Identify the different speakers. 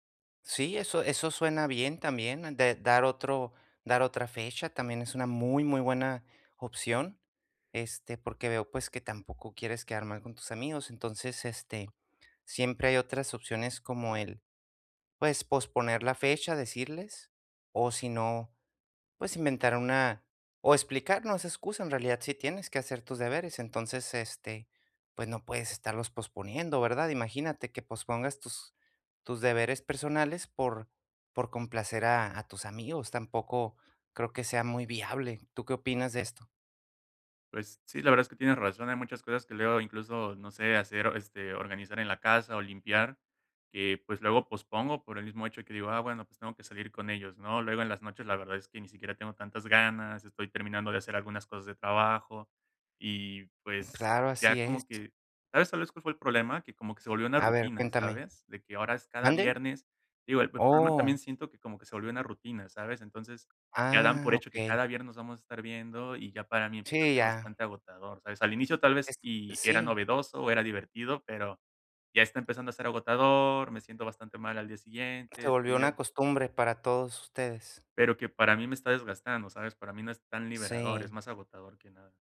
Speaker 1: Sí, eso eso suena bien también de dar otro dar otra fecha también es una muy, muy buena opción, este, porque veo, pues, que tampoco quieres quedar mal con tus amigos. Entonces, este, siempre hay otras opciones como el, pues, posponer la fecha, decirles, o si no, pues, inventar una o explicar, no es excusa, en realidad sí tienes que hacer tus deberes. Entonces, este, pues, no puedes estarlos posponiendo, ¿verdad? Imagínate que pospongas tus tus deberes personales por por complacer a a tus amigos, tampoco creo que sea muy viable. ¿Tú qué opinas de esto?
Speaker 2: Pues, sí, la verdad es que tienes razón. Hay muchas cosas que luego, incluso, no sé, hacer, este, organizar en la casa o limpiar, que, pues, luego pospongo por el mismo hecho que digo: "Ah, bueno, pues, tengo que salir con ellos", ¿no? Luego en las noches la verdad es que ni siquiera tengo tantas ganas, estoy terminando de hacer algunas cosas de trabajo. Y,
Speaker 1: Mm,
Speaker 2: pues,
Speaker 1: claro,
Speaker 2: ya
Speaker 1: así es.
Speaker 2: como que ¿sabes, sabes cuál fue el problema? Que como que se volvió una
Speaker 1: A ver,
Speaker 2: rutina,
Speaker 1: cuéntame.
Speaker 2: ¿sabes? De que ahora es cada
Speaker 1: ¿Mande?
Speaker 2: viernes Digo, el el problema también
Speaker 1: Oh.
Speaker 2: siento que como que se volvió una rutina, ¿sabes? Entonces, ya dan
Speaker 1: Ah,
Speaker 2: por hecho que
Speaker 1: okey.
Speaker 2: cada viernes nos vamos a estar viendo y ya para mí, empezó a
Speaker 1: Sí,
Speaker 2: ser
Speaker 1: ya.
Speaker 2: bastante agotador, ¿sabes? Al inicio tal vez
Speaker 1: Es
Speaker 2: y era
Speaker 1: sí.
Speaker 2: novedoso o era divertido, pero ya está empezando a ser agotador, me siento bastante mal al día siguiente,
Speaker 1: Se volvió
Speaker 2: estoy
Speaker 1: una
Speaker 2: ya
Speaker 1: costumbre para todos ustedes.
Speaker 2: Pero que para mí me está desgastando, ¿sabes? Para mí, no es tan liberador, es
Speaker 1: Sí.
Speaker 2: más agotador que nada.